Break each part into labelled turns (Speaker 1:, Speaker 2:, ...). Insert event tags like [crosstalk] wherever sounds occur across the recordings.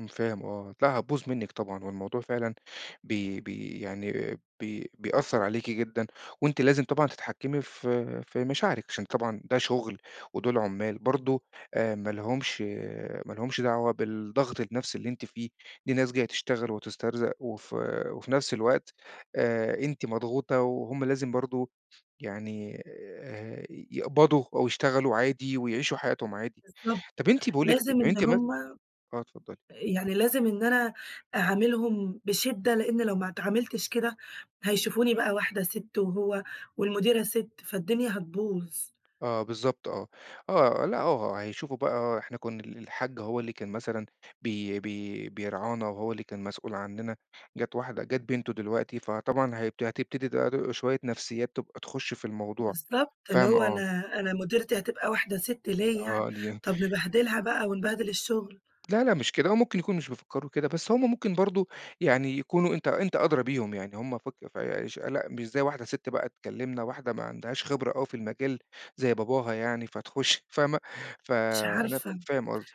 Speaker 1: امم، فاهم آه، لأ هتبوظ منك طبعًا والموضوع فعلًا بي بي يعني بي بيأثّر عليكِ جدًا وأنتِ لازم طبعًا تتحكِّمي في في مشاعرِك عشان طبعًا ده شغل ودول عُمّال برضه آآ، ما لهمش ما لهُمش آآ، دعوة بالضغط النفسي اللي أنتِ فيه، دي ناس جاية تشتغل وتسترزق، وف وفي نفس الوقت، آآ، أنتِ مضغوطة وهُم لازم برضه يعني آآ، يقبضوا أو يشتغلوا عادي ويعيشوا حياتهم عادي،
Speaker 2: بالضبط،
Speaker 1: طَب أنتِ باقول لِك إيه،
Speaker 2: لازم
Speaker 1: طب
Speaker 2: إن
Speaker 1: أنتِ مث
Speaker 2: هُم
Speaker 1: آه، اتفضلي.
Speaker 2: يعني لازم إن أنا أعاملهم بشدّة، لإن لو ما اتعامِلتش كده هيشوفوني بقى واحدة سِتّ، وهو والمديرة سِتّ، فالدنيا هتبوظ.
Speaker 1: آه، بالضبط آه، آه لأ، آه، هيشوفوا بقى إحنا كنا ال الحاج هو اللي كان مثلًا بي بي بيرعانا وهو اللي كان مسؤول عننا، جَت واحدة جَت بنتُه دلوقتي فطبعًا هي هتبتدي ده دو شوية نفسيّات تبقى تخُشّ في الموضوع،
Speaker 2: بالضبط، اللي
Speaker 1: فاهمة،
Speaker 2: هو
Speaker 1: آه.
Speaker 2: أنا أنا مديرتي هتبقى واحدة سِتّ! ليه يعني،
Speaker 1: آه، دي
Speaker 2: طَب نبهدلها بقى ونبهدل الشغل.
Speaker 1: لا، لأ مش كده هو ممكن يكون مش بيفكّروا كده، بس هم ممكن برضه يعني يكونوا أنت أنت أدرى بيهم يعني، هم فك فا اش لأ مش زي واحدة ست بقى تكلمنا، واحدة ما عندهاش خبرة أوي في المجال، زي باباها يعني فتخُش فاهمة، ف
Speaker 2: مش
Speaker 1: أنا ف
Speaker 2: عارفة.
Speaker 1: فاهم قصدِك.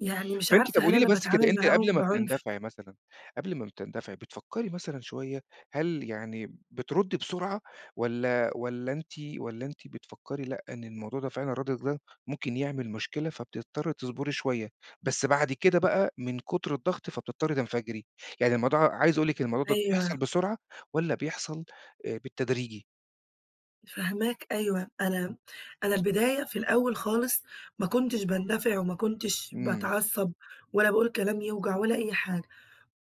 Speaker 2: يعني مش
Speaker 1: فأنتِ
Speaker 2: عارفة،
Speaker 1: طَب
Speaker 2: هل
Speaker 1: قولي لي
Speaker 2: أنا
Speaker 1: بس كده
Speaker 2: باتعامل
Speaker 1: أنتِ قبل
Speaker 2: معاهم
Speaker 1: ما
Speaker 2: بعُنف؟
Speaker 1: بتندفعي مثلًا قبل ما بتندفعي بتفكّري مثلًا شوية، هل يعني بتردّي بسرعة والَّا والَّا أنتِ والَّا أنتِ بتفكّري لأ، إن الموضوع ده فعلًا ردِّك ده ممكن يعمل مشكلة، فبتضطّري تصبري شوية، بس بعد كده بقى من كتر الضغط فبتضطّري تنفجري، يعني الموضوع عايز أقول لِك الموضوع دوَّة بيحصل
Speaker 2: أيوه.
Speaker 1: بسرعة والَّا بيحصل آآ، بالتدريجي؟
Speaker 2: فاهماك أيوه، أنا أنا البداية في الأول خالص، ما كُنتش باندفع وما كُنتش
Speaker 1: إمم.
Speaker 2: باتعصّب ولا باقول كلام يوجع ولا أي حاجة.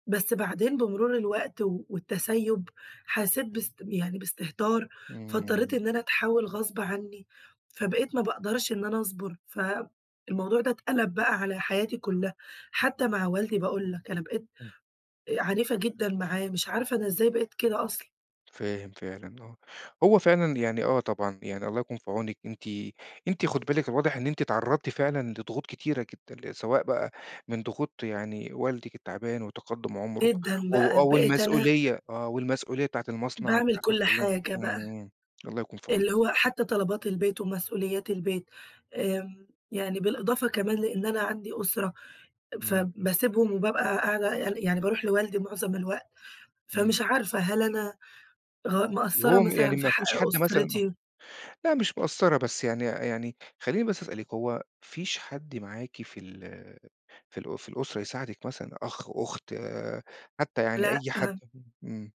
Speaker 2: بس بعدين، بمرور الوقت و والتسيُّب حَسيت باس يعني باستهتار، فاضطّريت
Speaker 1: إمم.
Speaker 2: إن أنا أتحول غصب عني، فبقيت ما باقدرش إن أنا أصبُر، فالموضوع ده اتقلب بقى على حياتي كُلّها، حتى مع والدي، باقول لك أنا بقيت
Speaker 1: إمم.
Speaker 2: آآ، عنيفة جدًا معاه، مش عارفة أنا إزاي بقيت كده أصلًا!
Speaker 1: فاهم فعلًا آه، هو فعلًا يعني آه طبعًا، يعني الله يكون في عونِك، أنتِ أنتِ خدي بالِك الواضح إن أنتِ اتعرضتِ فعلًا لضغوط كتيرة جدًا، ل سواء بقى من ضغوط يعني والدِك التعبان، وتقدُّم عمرُه
Speaker 2: جدًا
Speaker 1: و
Speaker 2: بقى،
Speaker 1: آه
Speaker 2: بقيت أنا
Speaker 1: والمسؤولية آه والمسؤولية بتاعة المصنع
Speaker 2: باعمل
Speaker 1: وبتاعة
Speaker 2: كل
Speaker 1: الزبون،
Speaker 2: حاجة بقى،
Speaker 1: إمم، الله يكون في عونِك
Speaker 2: اللي هو
Speaker 1: الصراحة.
Speaker 2: حتى طلبات البيت، ومسؤوليات البيت، آمم، يعني بالإضافة كمان لإن أنا عندي أُسرة،
Speaker 1: إمم.
Speaker 2: فباسيبهم وبابقى قاعدة يعني يعني بارُوح لوالدي معظم الوقت،
Speaker 1: إمم.
Speaker 2: فمش عارفة هل أنا غ مقصّرة
Speaker 1: وهو م
Speaker 2: مثلًا
Speaker 1: يعني
Speaker 2: في
Speaker 1: ما
Speaker 2: حق
Speaker 1: فيش حد مثلًا، آه،
Speaker 2: أسرتي؟
Speaker 1: لأ مش مقصّرة بس يعني يعني خليني بس أسألِك، هو ما فيش حد معاكِ في ال في الأ في الأسرة يساعدِك مثلًا أخ، أُخت حتى يعني أي حد؟
Speaker 2: لأ.
Speaker 1: [unintelligible] إمم.